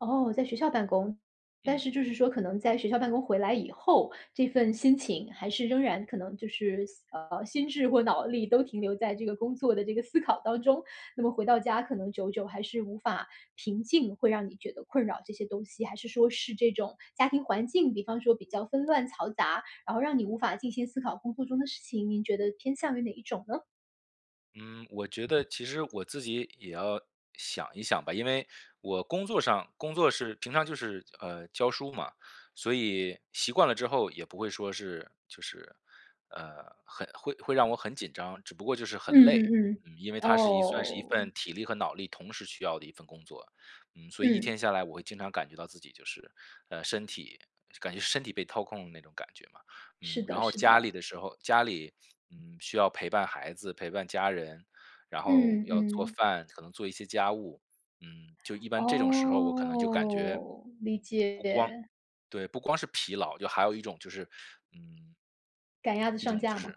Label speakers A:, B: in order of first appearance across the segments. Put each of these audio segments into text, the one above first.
A: 哦，在学校办公。但
B: 嗯。
A: 是就是说可能在学校办公回来以后，这份心情还是仍然可能就是，呃，心智或脑力都停留在这个工作的这个思考当中。那么回到家可能久久还是无法平静，会让你觉得困扰，这些东西。还是说是这种家庭环境，比方说比较纷乱嘈杂，然后让你无法静心思考工作中的事情，您觉得偏向于哪一种呢？
B: 嗯，我觉得其实我自己也要想一想吧。因为我工作上工作是平常就是，嗯，教书嘛。所以习惯了之后也不会说是就是，呃，很会会让我很紧张，只不过就是
A: 嗯
B: 很累。
A: 嗯嗯。
B: 嗯，因为它是一算是一份
A: 哦。
B: 体力和脑力同时需要的一份工作，嗯，所以一
A: 嗯。
B: 天下来我会经常感觉到自己就是，呃，身体感觉身体被掏空的那种感觉嘛。
A: 是
B: 嗯，然
A: 的
B: 后
A: 是
B: 家
A: 的。
B: 里的时候家里，嗯，需要陪伴孩子、陪伴家人，然后
A: 嗯
B: 要做
A: 嗯。
B: 饭，可能做一些家务。嗯，就一般这种时候我可能就感觉，不光
A: 哦，理解。
B: 对，不光是疲劳，就还有一种就是嗯
A: 赶鸭子
B: 一
A: 上
B: 种就
A: 架
B: 是
A: 吗？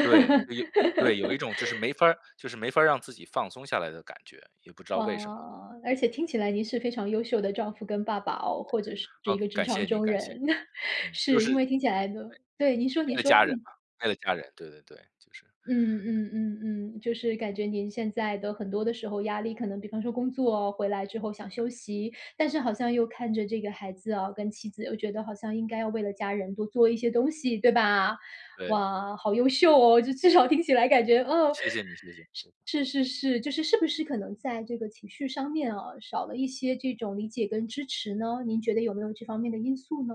B: 对就有对，有一种就是 没法儿就是没法儿让自己放松下来的感觉，也不知道为什么。
A: 哇！而且听起来您是非常优秀的丈夫跟爸爸哦，或者是一
B: 哦，
A: 个职
B: 感
A: 场
B: 谢你，
A: 中
B: 感谢。
A: 人。
B: 嗯，就
A: 是因
B: 是嗯，
A: 为听起来呢对，您说
B: 对。为
A: 您
B: 了
A: 说，
B: 家人
A: 嗯。
B: 嘛，为了家人。对对对，就是
A: 嗯嗯嗯嗯。就是感觉您现在的很多的时候压力，可能比方说工作回来之后想休息，但是好像又看着这个孩子啊，跟妻子又觉得好像应该要为了家人多做一些东西，对吧？
B: 对。
A: 哇！好优秀哦，这至少听起来感觉嗯。
B: 谢谢你，谢谢谢谢。
A: 是是是是。就是，是不是可能在这个情绪上面啊，少了一些这种理解跟支持呢？您觉得有没有这方面的因素呢？